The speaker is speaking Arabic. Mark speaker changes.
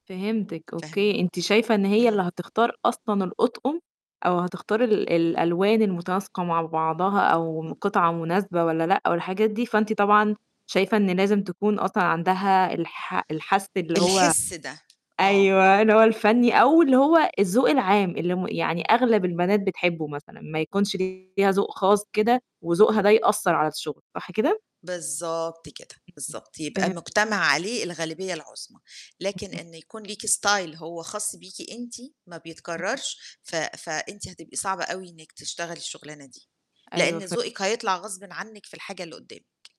Speaker 1: فهمتِك
Speaker 2: فاهمة.
Speaker 1: أوكي، أنتِ شايفة إن هي اللي
Speaker 2: إمم.
Speaker 1: هتختار أصلًا الأطقم أو هتختاري ال الألوان المُتناسقة مع بعضها أو
Speaker 2: إمم.
Speaker 1: قطعة مناسبة والّا لأ والحاجات دي، فأنتِ طبعًا شايفة إن لازم تكون أصلًا عندها الح الحس اللي هو
Speaker 2: الحِس ده، آه.
Speaker 1: أيوه، اللي هو الفَنّي أو اللي هو الذوق العام اللي م يعني أغلب البنات بتحبّه مثلًا ما يكونش ليها ذوق خاص كده وذوقها ده يأثّر على الشُغل، صح كده؟
Speaker 2: بالضبط كده، بالضبط، يبقى
Speaker 1: فهم
Speaker 2: مجتمع عليه الغالبية العُظمى، لكن
Speaker 1: [unintelligible]
Speaker 2: إن يكون ليكِ style هو خاص بيكِ أنتِ ما بيتكرّرش، ف فأنتِ هتبقى صعبة أوي إنِّك تشتغلي الشُغلانة دي،
Speaker 1: أيوه
Speaker 2: لإن
Speaker 1: فهم
Speaker 2: ذوقِك هيطلع غصبٍ عنِّك في الحاجة اللي قُدّامِك.